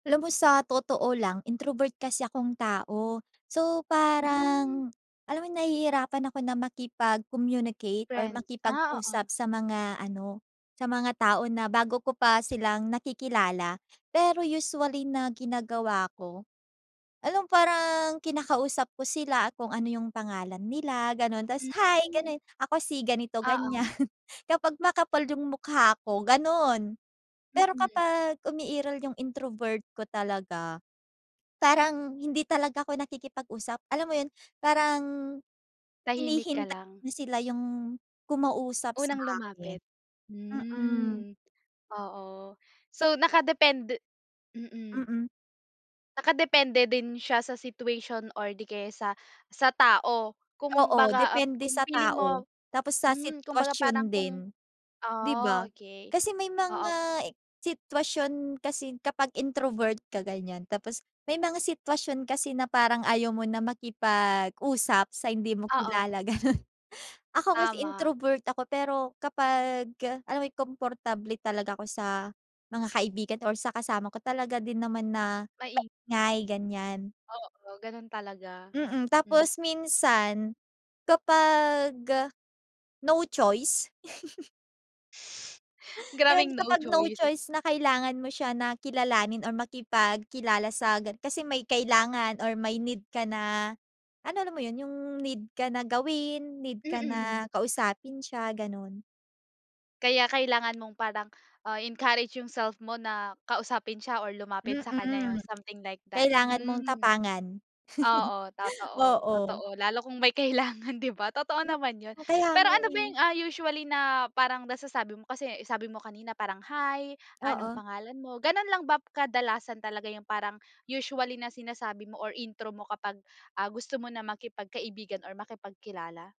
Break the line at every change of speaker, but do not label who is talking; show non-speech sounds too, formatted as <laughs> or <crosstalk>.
Alam mo, sa totoo lang, introvert kasi akong tao. So
Hmm.
parang, alam mo ’yon, nahihirapan ako na makipag-communicate o
Friends, ah, oo.
makipag-usap sa mga ano sa mga tao na bago ko pa silang nakikilala. Pero usually na ginagawa ko, alam, parang kinakausap ko sila kung ano yung pangalan nila, gano'n. Tas "Hi," ganun ako, si ganito ganyan,
Oo.
<laughs> kapag makapal yung mukha ko, ganun. Pero
Mhm.
kapag umiiral yung introvert ko talaga, parang hindi talaga ako nakikipag-usap, alam mo ’yon? Parang,
Tahimik ka
hinihintay
lang.
na sila yung kumausap sa
Unang
akin,
lumapit,
mhm.
hmm, oo, so nakadepende, mhm.
Mhm.
Nakadepende, din siya sa situation or di kaya sa sa tao?
Oo,
Kumbaga, ap
depende
kung
sa
feeling mo,
tao, tapos sa
hmm, kumbaga,
sitwasyon
parang,
din,
kung
di
ah,
ba?
okey,
Kasi may
oo.
mga e sitwasyon kasi kapag introvert ka, ganyan. Tapos may mga sitwasyon kasi na parang ayaw mo na makipag-usap sa hindi mo
Oo.
kilala, gano'n. <laughs> Ako, kasi
Tama.
introvert ako, pero kapagka alam mo yon komportable talaga ako sa mga kaibigan o sa kasama ko, talaga din naman na
Mai
ngay, ganyan.
Oo, ganun talaga.
Mhm,
Hmm.
tapos minsan kapag, no choice. <laughs> Yun,
Grabeng no
kapag no
choice.
choice <laughs> na kailangan mo siya na kilalanin or makipagkilala sa gan kasi may kailangan or may need ka na, ano, alam mo, yun, yung need ka na gawin, need ka
Mhm.
na kausapin siya, gano'n.
Kaya kailangan mong parang, ah, i-encourage yung self mo na kausapin siya or lumapit sa kanya yun
Mhm,
something like that,
kailangan mong
hmm.
tapangan.
Oo, totoo,
Oo.
totoo. Lalo kung may kailangan, <laughs> di ba, totoo naman 'yon.
Kaya
Pero
nga,
ano ba
eh.
yung, ah, usually na parang nasasabi mo kasi sabi mo kanina parang "Hi, anong
Oo.
pangalan mo?" Gano'n lang bap kadalasan talaga yung parang usually na sinasabi mo or intro mo kapag, ah, gusto mo na maki pagkaibigan or maki pagkilala?